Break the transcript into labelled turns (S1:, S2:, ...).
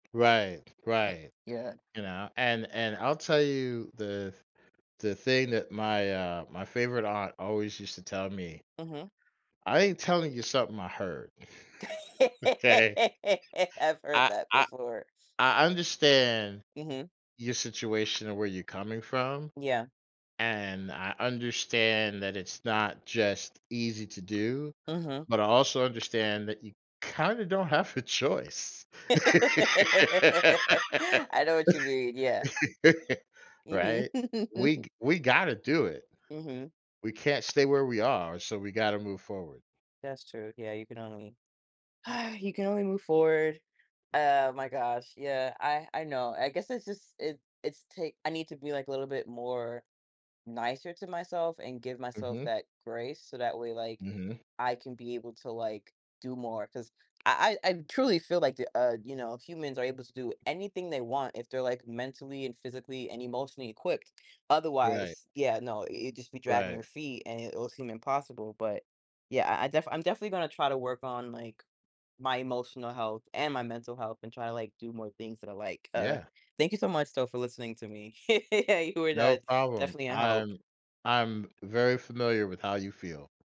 S1: Right, right,
S2: Yeah.
S1: you know, and and I'll tell you the the thing that my, uh, my favorite aunt always used to tell me.
S2: Mhm.
S1: I ain't telling you something I heard, okay?
S2: I've heard
S1: I
S2: that
S1: I
S2: before.
S1: I understand
S2: Mhm.
S1: your situation and where you're coming from,
S2: Yeah.
S1: and I understand that it's not just easy to do,
S2: Mhm.
S1: but I also understand that you kind of don't have a choice.
S2: I know what you mean, yeah. Mhm.
S1: Right, we g we gotta do it.
S2: Mhm.
S1: We can't stay where we are, so we gotta move forward.
S2: That's true, yeah, you can only you can only move forward. Oh my gosh, yeah, I I know, I guess it's just, it it's t I need to be like a little bit more nicer to myself and give myself
S1: Mhm.
S2: that grace, so that way, like,
S1: Mhm.
S2: I can be able to, like, do more 'cause I I I truly feel like the, uh, you know, humans are able to do anything they want if they're like mentally and physically and emotionally equipped.
S1: Right.
S2: Otherwise, yeah, no, you'd just be dragging
S1: Right.
S2: your feet and it will seem impossible, but, yeah, I I defi I'm definitely gonna try to work on, like, my emotional health and my mental health, and try to, like, do more things that I like, uh,
S1: Yeah.
S2: thank you so much though for listening to me. You were,
S1: No
S2: uh,
S1: problem,
S2: definitely a help.
S1: I'm I'm very familiar with how you feel.